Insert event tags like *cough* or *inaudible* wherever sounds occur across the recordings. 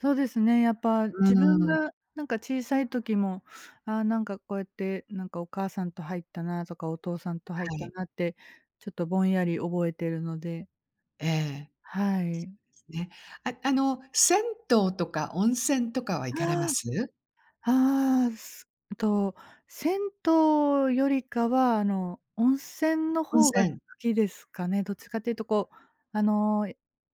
そうですね、やっぱう自分ーん。が、なんか、小さい時も、ああ、なんか、こうやって、なんか、お母さんと入ったなとか、お父さんと入っはたい。なって、ちょっとぼんやり覚えてるので。ええ。はい。そうですね。あ、あの、銭湯とか温泉とかは行かれまああ。す？ああ、すと、銭湯よりかは、あの、温泉の温方が好泉。きですかね。どっちかって言うと、こう、あの、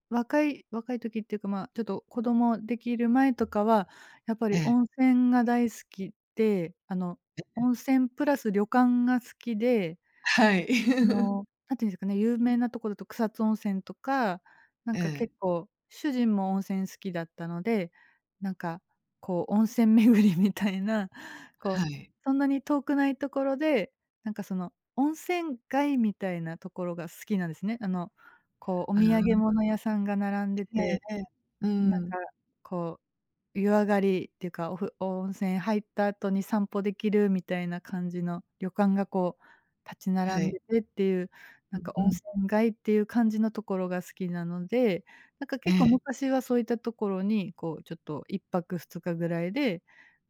若い若い時って言うか、まあ、ちょっと、子供出来る前とかは、やっぱえりえ。温泉が大好きで、あの、ええ。温泉プラス旅館が好きで、はい。あ *chuckles* の、何て言うんですかね、有名な所と草津温泉とか、なんえか、結え。構、主人も温泉好きだったので、なんか、こう、温泉巡りみたいな、こう、はい。そんなに遠くない所で、なんか、その、温泉街みたいな所が好きなんですね。あの、こう、おあ土産あ。物屋さんが並んでえて、えええ、うーん、なんか、ん。こう、湯上がりって言うか、おふ温泉入った後に散歩出来るみたいな感じの旅館が、こう、立ちは並んい。でてって言う、なうんんか、う温ん。泉街っていう感じの所が好きなので、なんか、え結構え。昔はそういったところに、こう、ちょっと1泊2日ぐらいで、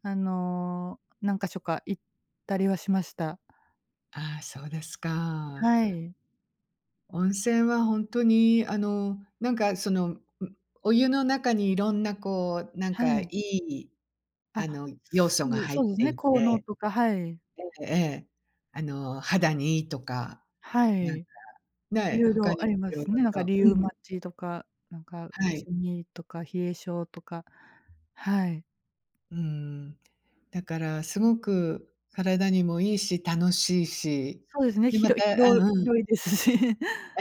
あの、何箇所か行ったりはしました。ああ、そうですか。はい。温泉はほんとに、あの、なんか、その、ん、お湯の中に色んな、こう、なんはか良い。い、ああ、の、要す素がぐ入そっうですてね、い効能て。とか、はい。ええええ、あの、肌に良いとか、はなんか、い。ねえ、色他々にあもりま色すね。なんか々とリうウマん。チとか、なんか打はい。ち身とか、冷え性とか、はい。うーん。だから凄く体にも良いし、楽しいし。そうですね、で、ひまろひたあ、ろうん。広いですし。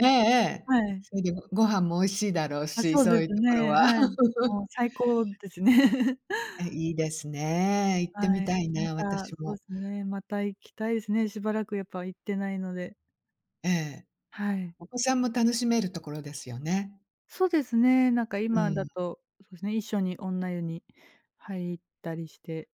えええ え、はい。それで、ごご飯も美味しいだろうあ、し、そうそでういすう所ね、は。はい。もう *laughs* 最高ですね。*chuckles* え、良いですね。行ってはみい。たいまな、た、私そうも。すね、また行きたいですね、しばらく、やっぱ行ってないので。ええ。はい。お子さんも楽しめる所ですよね。そうですね、なんか、う今だん。と、そうですね、一緒に女湯に入ったりして。